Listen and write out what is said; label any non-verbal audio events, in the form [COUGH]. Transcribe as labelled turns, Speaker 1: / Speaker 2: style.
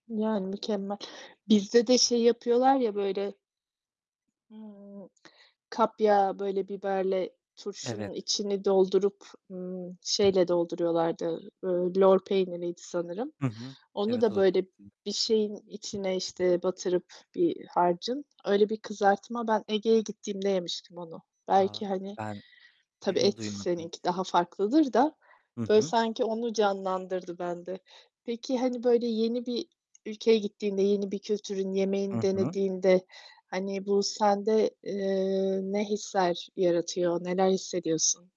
Speaker 1: Yani, mükemmel. Bizde de şey yapıyorlar ya böyle ımm, kapya, böyle biberle
Speaker 2: Evet.
Speaker 1: turşunun içini doldurup, ımm, şeyle dolduruyorlardı, ııı, lor peyniriydi sanırım.
Speaker 2: Hı hı.
Speaker 1: Onu
Speaker 2: Evet,
Speaker 1: da
Speaker 2: o da çok
Speaker 1: böyle
Speaker 2: [UNINTELLIGIBLE]
Speaker 1: bir şeyin içine, işte, batırıp bir harcın, öyle bir kızartma. Ben Ege'ye gittiğimde yemiştim onu.
Speaker 2: A,
Speaker 1: Belki, hani
Speaker 2: ben
Speaker 1: Tabii
Speaker 2: [CLEARS THROAT]
Speaker 1: et
Speaker 2: duymadım hiç.
Speaker 1: seninki daha farklıdır da
Speaker 2: Hı
Speaker 1: böyle
Speaker 2: hı.
Speaker 1: sanki onu canlandırdı bende. Peki, hani, böyle yeni bir ülkeye gittiğinde, yeni bir kültürün
Speaker 2: Hı
Speaker 1: yemeğini
Speaker 2: hı.
Speaker 1: denediğinde, hani bu sende, eee, ne hisler yaratıyor, neler hissediyorsun?